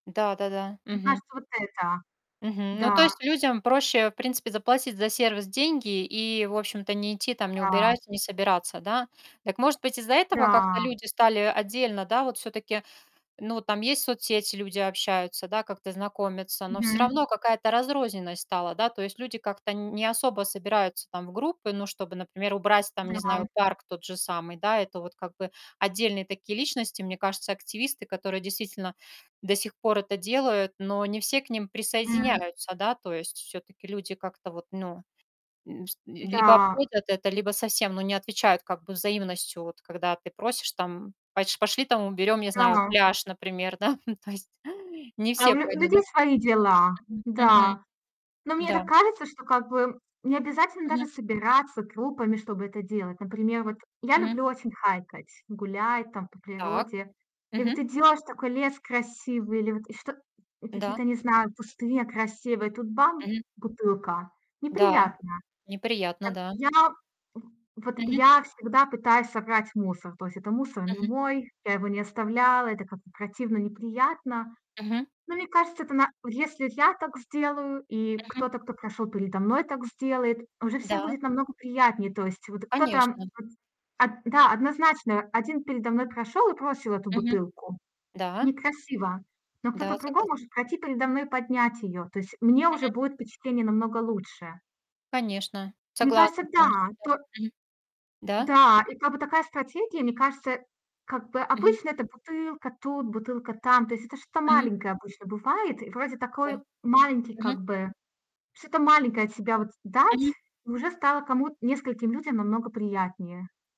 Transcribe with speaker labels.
Speaker 1: Да-да-да.
Speaker 2: Мне
Speaker 1: Мгм.
Speaker 2: кажется вот это.
Speaker 1: Мгм, ну, то
Speaker 2: Да.
Speaker 1: есть людям проще, в принципе, заплатить за сервис деньги и, в общем-то, не идти там не
Speaker 2: Да.
Speaker 1: убирать, не собираться, да? Так может быть, из-за этого как-то
Speaker 2: Да.
Speaker 1: люди стали отдельно, да? Вот всё-таки ну, там есть соцсети, люди общаются, да, как-то знакомятся, но всё равно
Speaker 2: Мгм.
Speaker 1: какая-то разрозненность стала, да, то есть люди как-то нь не особо собираются там в группы, ну, чтобы, например, убрать там, не
Speaker 2: Да.
Speaker 1: знаю, парк тот же самый, да. Это вот как бы отдельные такие личности, мне кажется, активисты, которые, действительно, до сих пор это делают, но не все к ним
Speaker 2: М.
Speaker 1: присоединяются, да, то есть, всё-таки люди как-то вот, ну. М, пс либо
Speaker 2: Да.
Speaker 1: обходят это, либо совсем, ну, не отвечают как бы взаимностью, вот когда ты просишь там поч пошли, там, уберем, не знаю,
Speaker 2: Да.
Speaker 1: пляж, например, да. То есть не
Speaker 2: А у
Speaker 1: все
Speaker 2: лю
Speaker 1: пойдут, да?
Speaker 2: людей свои дела,
Speaker 1: Мгм, мгм.
Speaker 2: да. Но мне
Speaker 1: Да.
Speaker 2: так кажется, что как бы необязательно даже
Speaker 1: Мгм.
Speaker 2: собираться группами, чтобы это делать. Например, вот я
Speaker 1: Мгм.
Speaker 2: люблю очень хайкать, гулять там по
Speaker 1: Так.
Speaker 2: природе. И вот
Speaker 1: Мгм.
Speaker 2: идёшь: такой лес красивый или вот и что и
Speaker 1: Да.
Speaker 2: какие-то, не знаю, кусты, а, красивые, и тут бам-
Speaker 1: Мгм.
Speaker 2: бутылка.
Speaker 1: Да.
Speaker 2: Неприятно.
Speaker 1: Неприятно,
Speaker 2: Так
Speaker 1: да.
Speaker 2: я, м, вот
Speaker 1: Мгм.
Speaker 2: я всегда пытаюсь собрать мусор. То есть это мусор не
Speaker 1: Мгм.
Speaker 2: мой, я его не оставляла, это как бы противно, неприятно.
Speaker 1: Мгм.
Speaker 2: Но мне кажется, это на если я так сделаю, и
Speaker 1: Мгм.
Speaker 2: кто-то, кто прошёл передо мной так сделает, уже всем
Speaker 1: Да.
Speaker 2: будет намного приятнее. То есть вот и кто-то
Speaker 1: Конечно.
Speaker 2: вот от да, однозначно, один передо мной прошёл и бросил эту
Speaker 1: Мгм.
Speaker 2: бутылку.
Speaker 1: Да.
Speaker 2: Некрасиво, но
Speaker 1: Да,
Speaker 2: кто-то другой
Speaker 1: согласна.
Speaker 2: может пройти передо мной и поднять её. То есть мне уже
Speaker 1: Мгм.
Speaker 2: будет впечатление намного лучше.
Speaker 1: Конечно,
Speaker 2: Мне кажется,
Speaker 1: согласна полностью.
Speaker 2: да.
Speaker 1: Да.
Speaker 2: То
Speaker 1: Мгм. Да.
Speaker 2: Да, и как бы такая стратегия. Мне кажется, как бы
Speaker 1: Мгм.
Speaker 2: обычно- это бутылка тут, бутылка там. То есть это что-то
Speaker 1: Мгм.
Speaker 2: маленькое обычно бывает. И вроде
Speaker 1: Да.
Speaker 2: такой маленький
Speaker 1: Мгм.
Speaker 2: как бы что-то маленькое от себя вот дать,
Speaker 1: Мгм.
Speaker 2: и уже стало кому-то, нескольким людям намного приятнее.